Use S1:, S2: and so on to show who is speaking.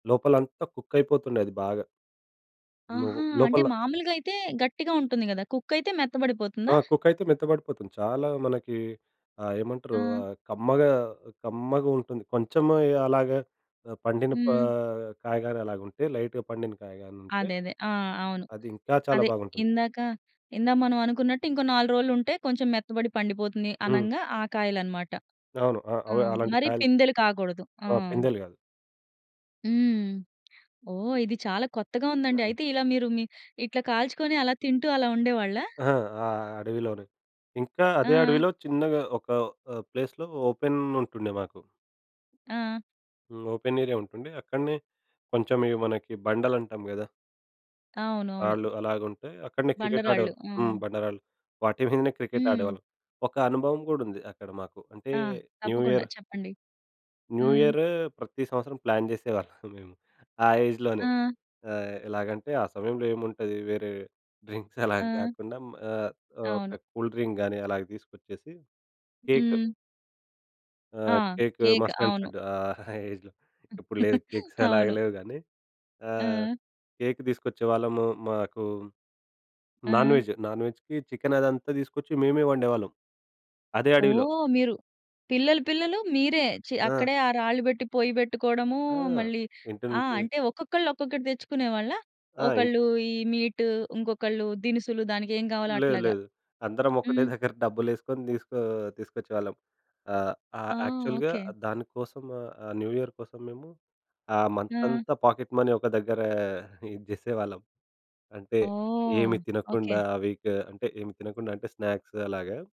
S1: లోపలంతా కుక్కైపోతుండే అది బాగా. లో
S2: ఆహా! అంటే
S1: లోపల
S2: మాములుగా అయితే గట్టిగా ఉంటుంది గదా! కుక్ అయితే
S1: ఆ!
S2: మెత్తబడిపోతుందా?
S1: కుక్కైతే మెత్తబడిపోతుంది. చాలా మనకి ఆహ్, ఏమంటారు?
S2: ఆ!
S1: ఆహ్, కమ్మగా కమ్మగుంటుంది. కొంచెము అలాగా పండిన
S2: హ్మ్.
S1: ఆహ్, కాయగాని అలాగుంటే లైట్‌గా పండిన కాయగనుంటే,
S2: అదే. అదే. ఆ! అవును.
S1: అది ఇంకా చాలా
S2: అదే
S1: బాగుంటుంది.
S2: ఇందాక ఇందా మనం అనుకున్నట్టు ఇంకో నాలుగు రోజులుంటే కొంచెం మెత్తబడి పండిపోతుంది
S1: హ్మ్.
S2: అనంగా ఆ కాయలు అన్నమాట.
S1: అవును. ఆ!
S2: ఆ!
S1: అవే అలాంటి
S2: మరి
S1: కాయలు
S2: పిందెలు కాగూడదు. ఆ!
S1: ఆ! పిందలు గాదు.
S2: హ్మ్. ఓహ్! ఇది చాలా కొత్తగా ఉందండి. అయితే ఇలా మీరు మీ ఇట్లా కాల్చుకొని అలా తింటూ అలా ఉండేవాళ్ళా?
S1: ఆ! ఆ అడవిలోనే. ఇంకా అదే
S2: ఆ!
S1: అడవిలో చిన్నగా ఒక ఆహ్, ప్లేస్‌లో ఓపెన్ ఉంటుండే మాకు.
S2: ఆ!
S1: హ్మ్. ఓపెన్ ఏరియా ఉంటుండే. అక్కడనే కొంచెం ఇవి మనకి బండలంటాం గదా!
S2: అవునవును.
S1: రాళ్ళు అలాగుంటే అక్కడనే క్రికెట్
S2: బండరాళ్ళు.
S1: ఆడేవాళ్ళం.
S2: ఆ!
S1: హ్మ్ బండారాళ్ళు వాటి మీదనే క్రికెట్
S2: హ్మ్.
S1: ఆడేవాళ్ళం. ఒక అనుభవం గూడా ఉంది. అక్కడ మాకు అంటే
S2: ఆ!
S1: న్యూ
S2: తప్పకుండా
S1: ఇయర్...
S2: చెప్పండి.
S1: న్యూ
S2: హ్మ్.
S1: ఇయర్ ప్రతి సంవత్సరం ప్లాన్ జేసేవాళ్ళం మేము. ఆ ఏజ్‌లోనే
S2: ఆ!
S1: ఆహ్, ఎలాగంటే ఆ సమయంలో ఏముంటుంది వేరే డ్రింక్స్ అలా
S2: ఆ!
S1: గాకుండా ఆహ్,
S2: అవును.
S1: ఒక కూల్ డ్రింక్ గానీ అలా తీసుకొచ్చేసి. కేక్.
S2: హ్మ్. ఆ!
S1: ఆహ్, కేక్
S2: కేక్
S1: మస్ట్ అండ్
S2: అవును.
S1: షుడ్ ఆహ్, ఏజ్‌లో. ఇప్పుడు లేదు కేక్స్ అలాగా
S2: అవును.
S1: లేవు గాని, ఆహ్,
S2: ఆ!
S1: కేక్ తీసుకొచ్చేవాళ్ళము. మాకు నాన్
S2: ఆ!
S1: వెజ్, నాన్ వెజ్‌కి చికెన్ అదంతా తీసుకొచ్చి మేమే వండేవాళ్ళం అదే అడవిలో.
S2: ఓహ్! మీరు పిల్లలు పిల్లలు మీరే చె
S1: ఆ!
S2: అక్కడే ఆ రాళ్ళు పెట్టి పొయ్యి పెట్టుకోవడము
S1: ఆ!
S2: మళ్ళీ,
S1: ఇంటి
S2: ఆ!
S1: నుంచి.
S2: అంటే ఒక్కొక్కళ్ళు ఒక్కొక్కటి తెచ్చుకునేవాళ్ళ?
S1: ఆ! ఇం
S2: ఒకళ్ళు ఈ మీట్ ఇంకొకళ్ళు దినుసులు దానికి ఏం గావాలో
S1: లేదు
S2: అట్లాగా.
S1: లేదు. అందరం ఒకటే
S2: హ్మ్.
S1: దగ్గర డబ్బులేసుకొని తీసుకో తీసుకొచ్చేవాళ్ళం. ఆహ్,
S2: ఆ!
S1: ఆహ్, యాక్చువల్‌గా
S2: ఓకే.
S1: దానికోసం ఆహ్, న్యూ ఇయర్ కోసం మేము ఆ
S2: ఆ!
S1: మంతంతా పాకెట్ మనీ ఒక దగ్గర ఇది చేసేవాళ్ళం. అంటే
S2: ఓహ్!
S1: ఏమి తినకుండా
S2: ఓకే.
S1: ఆ వీక్ అంటే ఏమి తినకుండా అంటే స్నాక్స్ అలాగా.